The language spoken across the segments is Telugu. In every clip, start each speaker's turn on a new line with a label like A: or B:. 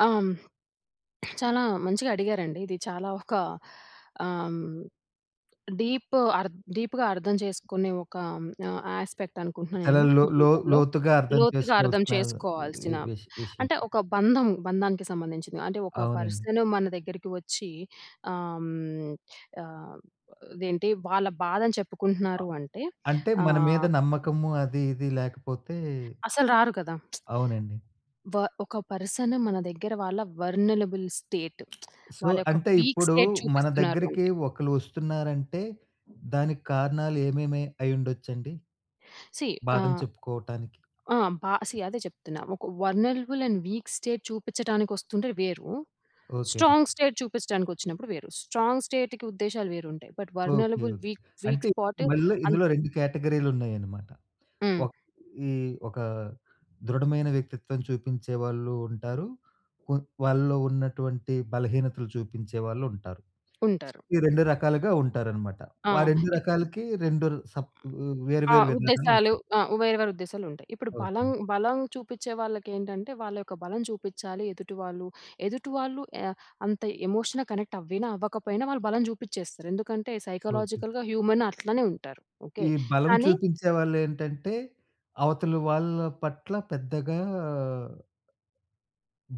A: ఆ! హ్మ్. చాలా మంచిగా అడిగారండి. ఇది చాలా ఒకా ఆహ్, డీప్ అర్ద్ డీపుగా అర్థం చేసుకునే ఒకా హ్మ్, ఆహ్, యాస్పెక్టనుకుంటన్నా
B: చాలా
A: నేను.
B: లో లో
A: జీవితంలో
B: లోతుగా అర్థం
A: లోతుగా అర్థం
B: చేసుకోవాల్సినా వీ
A: చేసుకోవాల్సిన
B: విష్ విషయం.
A: అంటే, ఒక బంధం, బంధానికి సంబంధించింది. అంటే, ఒక
B: అవునండి.
A: పర్సను మన దగ్గరికి ఒచ్చీ ఆహ్, హ్మ్, ఆహ్, ఇదేంటి వాళ్ళ బాధని
B: అ
A: చెప్పుకుంటున్నారు అంటే,
B: అంటే, మన మీద
A: ఆహ్
B: నమ్మకము అది ఇది లేకపోతే
A: అసలు రారు కదా!
B: అవునండి.
A: వ ఒక పర్సను మన దగ్గర వాళ్ళ వర్నలబుల్ స్టేట్
B: సో,
A: వాళ్ళ యొక్క
B: అంటే,
A: వీక్
B: ఇప్పుడూ
A: స్టేట్
B: మన
A: చూపిస్తున్నారు
B: దగ్గరికి
A: అంటే
B: ఒకళ్ళు ఒస్తున్నారంటే, దానికి కారణాలు ఏమేమి అయుండొచ్చండి?
A: సీ
B: బాధని
A: ఆహ్,
B: చెప్పుకోవటానికి.
A: ఆ! బా సీ అదే చెప్తున్నా. ఒక వల్నలబుల్ అండ్ వీక్ స్టేట్ చూపిచ్చటానికొస్తుంటే వేరు.
B: ఓకే.
A: స్ట్రాంగ్ స్టేట్ చూపిచ్చటానికొచ్చినప్పుడు వేరు. స్ట్రాంగ్ స్టేట్‌కి ఉద్దేశాలు వేరుంటాయి, but
B: okay.
A: Vulnerable
B: okay.
A: Weak weak
B: అంటే
A: స్పాటు
B: మళ్ళ
A: అన్
B: ఇందులో 2 కేటగరీలున్నాయనమాట.
A: హ్మ్.
B: ఒక్ ఈ ఒకా దృఢమైన వ్యక్తిత్వం చూపించేవాళ్ళూ ఉంటారు. కొ వాళ్ళలో ఉన్నటువంటి బలహీనతలు చూపించేవాళ్ళుంటారు.
A: ఉంటారు.
B: ఈ రెండు రకాలుగా ఉంటారనమాట.
A: ఆ!
B: వా రెండు
A: ఇప్
B: రకాలకీ రెండు సప్పూ వేరు
A: ఆ!
B: వేరు
A: ఉద్దేశాలు.
B: విధానాలుంటాయి.
A: ఆ! వేరు వేరుద్దేశాలుంటాయి. ఇప్పుడు బలం,
B: ఓకే.
A: బలం చూపిచ్చే వాళ్ళకేంటంటే, వాళ్ళ యొక్క బలం చూపిచ్చాలి ఎదుటి వాళ్ళు. ఎదుటి వాళ్ళు ఆహ్, అంత ఎమోషన్‌గా కనెక్టవ్వినా, అవ్వకపోయినా వాళ్ళ బలం చూపిచ్చేస్తారు. ఎందుకంటే,
B: ఓకే.
A: సైకలాజికల్‌గా హ్యూమనట్లనే ఉంటారు. ఓకే?
B: ఈ బలం
A: కానీ
B: చూపించేవాళ్ళేంటంటే, అవతలి వాళ్ళ పట్ల పెద్దగా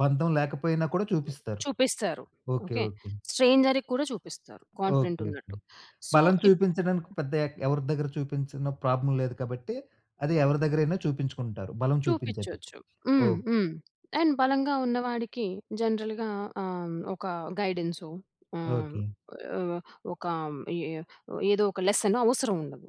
B: బంధం లేకపోయినా కూడా
A: హ్మ్,
B: చూపిస్తారు.
A: చూపిస్తారు.
B: ఓకే.
A: ఓకే?
B: ఓకే.
A: స్ట్రేంజర్‌కి కూడా చూపిస్తారు,
B: ఓకే. ఓకే.
A: కాన్ఫిడెంటున్నట్టు. సో,
B: బలం
A: ఇప్
B: చూపించడానికి పెద్దయ్యాక ఎవరి దగ్గర చూపించినా ప్రాబ్లమ్ లేదు కాబట్టీ, అది ఎవరి దగ్గరైనా చూపించుకుంటారు, బలం చూపించేటప్పుడు.
A: చూపిచొచ్చు. హ్మ్.
B: ఓకే.
A: హ్మ్. అండ్ బలంగా ఉన్న వాడికీ జనరల్‌గా ఆహ్, హ్మ్, ఒకా గైడెన్సో ఆహ్,
B: ఓకే.
A: వ్ ఒకా హ్మ్, ఇ ఎ ఏదో ఒక లెసను అవసరవుండదు.